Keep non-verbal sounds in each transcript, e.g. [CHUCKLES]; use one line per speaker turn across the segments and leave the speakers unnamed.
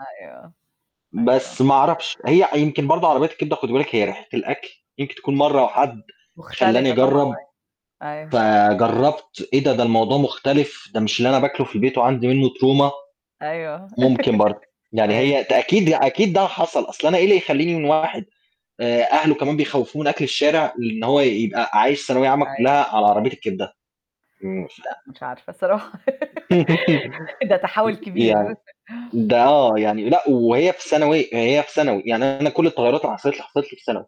أيوه، أيوه.
بس ما أعرفش، هي يمكن برضه عربيات الكبدة خُدي بالِك هي ريحة الأكل يمكن تكون مرّة وحَد خلّاني
مختلفة طبعًا،
أجرّب
أيوه. أيوه.
فجرّبت إيه ده! ده الموضوع مختلف، ده مش اللي أنا باكله في البيت وعندي منه Trauma.
أيوه،
ممكن
[LAUGHS]
برضه، يعني
أيوه.
هي ت أكيد ي أكيد ده حصل، أصل أنا إيه اللي يخلّيني من واحد آآ أهله كمان بيخوّفوه من أكل الشارع لإن هو يبقى عايش ثانوية عامّة
أيوه.
كلّها على عربية الكبدة؟ [UNINTELLIGIBLE]
لأ، مش عارفة الصراحة
[LAUGHS]
[GIGGLES] ده تحوّل
يعني
كبير. [CHUCKLES]
ده آه، يعني لأ وهي في ثانوي هي في ثانوي، يعني أنا كلّ التغيّرات اللي حصلِت لي، حصلِت لي في ثانوي.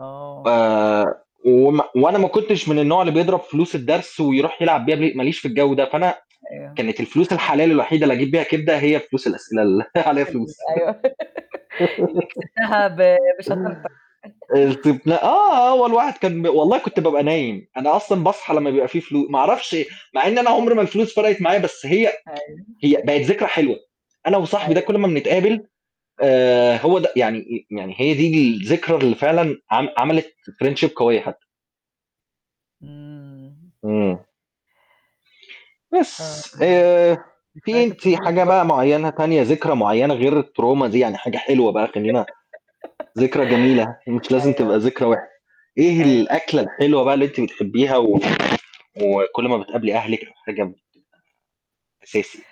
آه.
آآ وما وأنا ما كنتش من النوع اللي بيضرب فلوس الدرس ويروح يلعب بيها ب ما ليش في الجو ده، فأنا
أيوه.
كانت الفلوس الحلال الوحيدة اللي أجيّب بيها كبدة هي فلوس الأسئلة اللي [CHUCKLES] عليها
[UNINTELLIGIBLE] ال
فلوس.
أيوه [LAUGHS] اللي كسبتها ب
[LAUGHS]
بشطارتك. [LAUGHS]
[UNINTELLIGIBLE] آه، هو الواحد كان ب والله
[UNINTELLIGIBLE]
كنت بابقى نايم، أنا أصلًا باصحى لمّا بيبقى في فلو ما أعرفش مع إن أنا عمري ما الفلوس فرقِت معايا بس هي [TSK]
أيوه.
هي بقِت ذكرى حلوة، أنا وصاحبي ده
أيوه.
كلّ ما بنتقابل آآ هو ده يعني يعني هي دي الذكرى اللي فعلًا عم عملِت Friendship قوية حتّى.
إمم.
إمم.
آه،
بس،
إمم.
آآ في
ذكريات
أنتِ
الطفوله دي
حاجة
برضه
بقى
حلوة.
معيّنة تانية ذكرى معيّنة غير الTrauma دي، يعني حاجة حلوة بقى
[LAUGHS]
خلّينا، ذكرى جميلة هي مش لازم تبقى
أيوه.
ذكرى وحشة، إيه
أيوه.
الأكلة الحلوة بقى اللي أنتِ بتحبيها و وكلّ ما بتقابلي أهلِك أو حاجة ب أساسي؟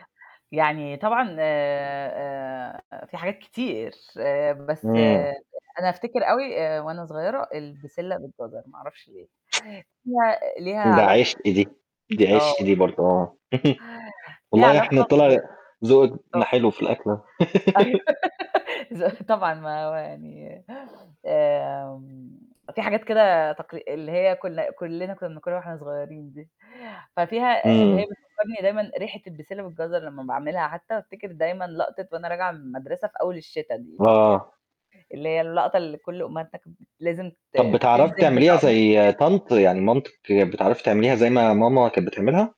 يعني طبعًا آآ آآ، في حاجات كتير، آآ بس
إمم.
أنا أفتكر أوي آآ وأنا صغيّرة البسلة بالجزر ما أعرفش ليه! ليها ليها
ده
علاقة
عِشق دي، دي عِشق
آه.
دي برضه آه. [CHUCKLES]
ليها
والله إحنا
علاقة ب
طلع زوقنا
آه.
حلو في الأكل أهو.
أيوه
[LAUGHS]
[LAUGHS] ز طبعًا ما هو يعني آمم، في حاجات كده تقل اللي هي كنا كلّنا كنا بناكلها وإحنا صغيّرين دي، ففيها ب هي
إمم.
بتفكّرني دايمًا ريحة البسِلّة والجزر لمّا باعملها حتّى بافتكر دايمًا لقطة وأنا راجعة من المدرسة في أول الشتا دي، اللي هي
آه.
اللي هي اللقطة اللي كلّ أمهاتنا كان لازم ت
طَب بتعرفي
تنزل
تعمليها
بطقم ال
زي
[UNINTELLIGIBLE]
طنط يعني مامتِك بتعرفي تعمليها زي ما ماما كانت بتعملها؟